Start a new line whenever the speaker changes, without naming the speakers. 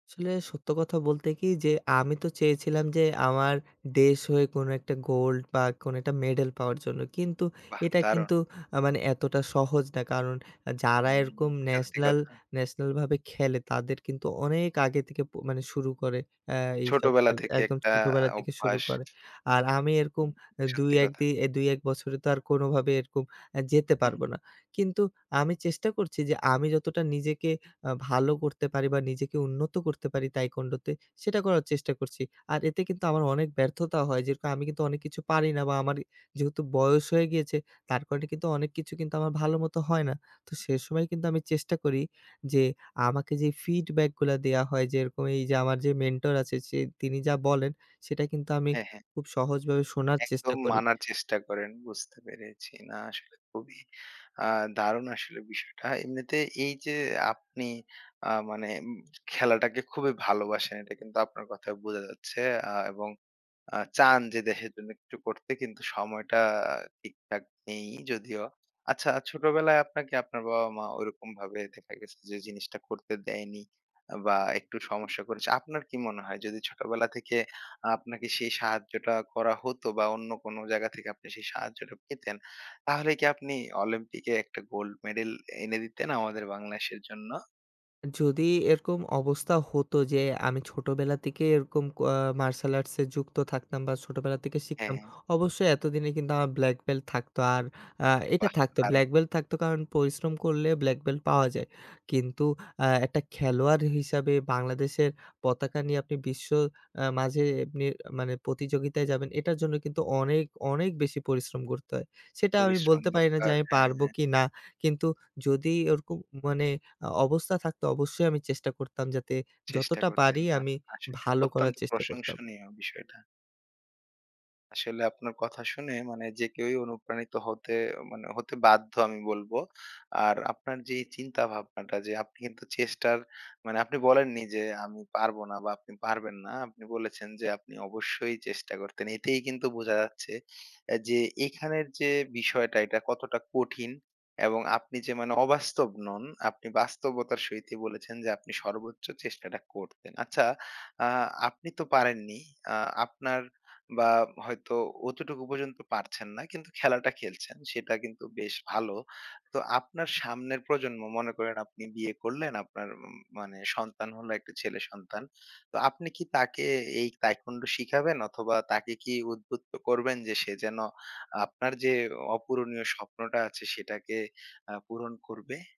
আসলে, সত্য কথা বলতে কি? যে আমি তো চেয়েছিলাম যে আমার দেশ হয়ে কোনো একটা গোল্ড, বা কোনো একটা মেডেল পাওয়ার জন্য। কিন্তু,
বাহ!
এটা
দারুণ!
কিন্তু আ মানে এতটা সহজ না। কারণ যারা
হুম,
এরকম
সত্যি
ন্যাশনাল
কথা।
ন্যাশানালভাবে খেলে, তাদের কিন্তু অনেক আগে থেকে প মানে শুরু করে অ্যা এইসব
ছোটবেলা
খেল
থেকে
একদম
একটা
ছোটোবেলা থেকে শুরু
অভ্যাস।
করে। আর আমি এরকম
উম
অ্যা
সত্যি
২-১
কথা।
দি অ্যা ২-১ বছরে তো আর কোনোভাবে এরকম আ যেতে
হু, হুম।
পারবো না। কিন্তু আমি চেষ্টা করছি যে আমি যতটা নিজেকে আ ভালো করতে পারি, বা নিজেকে উন্নত করতে পারি taekwondo তে, সেটা করার চেষ্টা করছি। আর এতে কিন্তু আমার অনেক ব্যর্থতা হয়। যেরকম আমি কিন্তু অনেক কিছু পারি না বা আমার যেহেতু বয়স হয়ে গিয়েছে, তার কারণে কিন্তু অনেক কিছু কিন্তু আমার ভালো মতো হয় না। তো সে সময় কিন্তু আমি চেষ্টা করি যে আমাকে যে ফিডব্যাকগুলা দেওয়া হয়, যেরকম এই যে আমার যে মেন্টর আছে, সে তিনি যা বলেন, সেটা কিন্তু আমি
হ্যাঁ, হ্যাঁ।
খুব সহজভাবে শোনার চেষ্টা
একদম
করি।
মানার চেষ্টা করেন। বুঝতে পেরেছি। না, আসলে খুবই আ দারুণ আসলে বিষয়টা। এমনিতে এই যে আপনি আ মানে উম খেলাটাকে খুবই ভালোবাসেন। এটা কিন্তু আপনার কথায় বোঝা যাচ্ছে। আ এবং আ চান যে দেশের জন্য একটু করতে, কিন্তু সময়টা ঠিকঠাক নেই যদিও। আচ্ছা ছোটবেলায় আপনাকে আপনার বাবা-মা ওইরকম ভাবে দেখা গেছে যে জিনিসটা করতে দেয়নি আ বা একটু সমস্যা করেছে। আপনার কি মনে হয়? যদি ছোটবেলা থেকে আপনাকে সেই সাহায্যটা করা হতো বা অন্য কোন জায়গা থেকে আপনি সেই সাহায্যটা পেতেন, তাহলে কি আপনি অলিম্পিকে একটা গোল্ড মেডেল এনে দিতেন আমাদের বাংলাদেশের জন্য?
যদি এরকম অবস্থা হতো যে আমি ছোটোবেলা থেকে এরকম ক আ মার্শাল আর্টসে যুক্ত থাকতাম বা ছোটোবেলা থেকে
হ্যাঁ,
শিখতাম,
হ্যাঁ।
অবশ্যই এতদিনে কিন্তু আমার ব্ল্যাক বেল্ট থাকতো। আর আ এইটা
বাহ!
থাকতো।
দারুণ!
ব্ল্যাক বেল্ট থাকতো কারণ, পরিশ্রম করলে ব্ল্যাক বেল্ট পাওয়া যায়। কিন্তু আ একটা খেলোয়াড় হিসাবে বাংলাদেশের পতাকা নিয়ে আপনি বিশ্ব আ মাঝে এমনি মানে প্রতিযোগিতায় যাবেন, এটার জন্য কিন্তু অনেক, অনেক বেশি পরিশ্রম করতে হয়। সেটা আমি
পরিশ্রম
বলতে পারি না যে
দরকার,
আমি পারব
হ্যাঁ।
কি না। কিন্তু যদি ওরকম মানে আ অবস্থা থাকতো অবশ্যই আমি চেষ্টা করতাম যাতে
চেষ্টা
যতটা
করতেন।
পারি
না,
আমি
আসলেই।
ভালো করার
অত্যন্ত
চেষ্টা করতাম।
প্রশংসনীয় বিষয়টা। আসলে আপনার কথা শুনে মানে যে কেউই অনুপ্রাণিত হতে অ মানে হতে বাধ্য, আমি বলব। আর আপনার যে চিন্তা-ভাবনাটা যে আপনি কিন্তু চেষ্টার মানে আপনি বলেননি যে আমি পারব না বা আপনি পারবেন না। আপনি বলেছেন যে আপনি অবশ্যই চেষ্টা করতেন। এতেই কিন্তু বোঝা যাচ্ছে অ্যা যে এখানের যে বিষয়টা এটা কতটা কঠিন। এবং আপনি যে মানে অবাস্তব নন, আপনি বাস্তবতার সহিতই বলেছেন যে আপনি সর্বোচ্চ চেষ্টাটা করতেন। আচ্ছা, আ আপনি তো পারেননি। আ আপনার বা হয়তো অতটুকু পর্যন্ত পারছেন না, কিন্তু খেলাটা খেলছেন। সেটা কিন্তু বেশ ভালো। তো আপনার সামনের প্রজন্ম, মনে করেন আপনি বিয়ে করলেন আপনার উম মানে সন্তান হলো, একটা ছেলে সন্তান। তো আপনি কি তাকে এই taekwondo শিখাবেন? অথবা তাকে কি উদ্বুদ্ধ করবেন যে সে যেন আপনার যে অপূরণীয় স্বপ্নটা আছে, সেটাকে আ পূরণ করবে?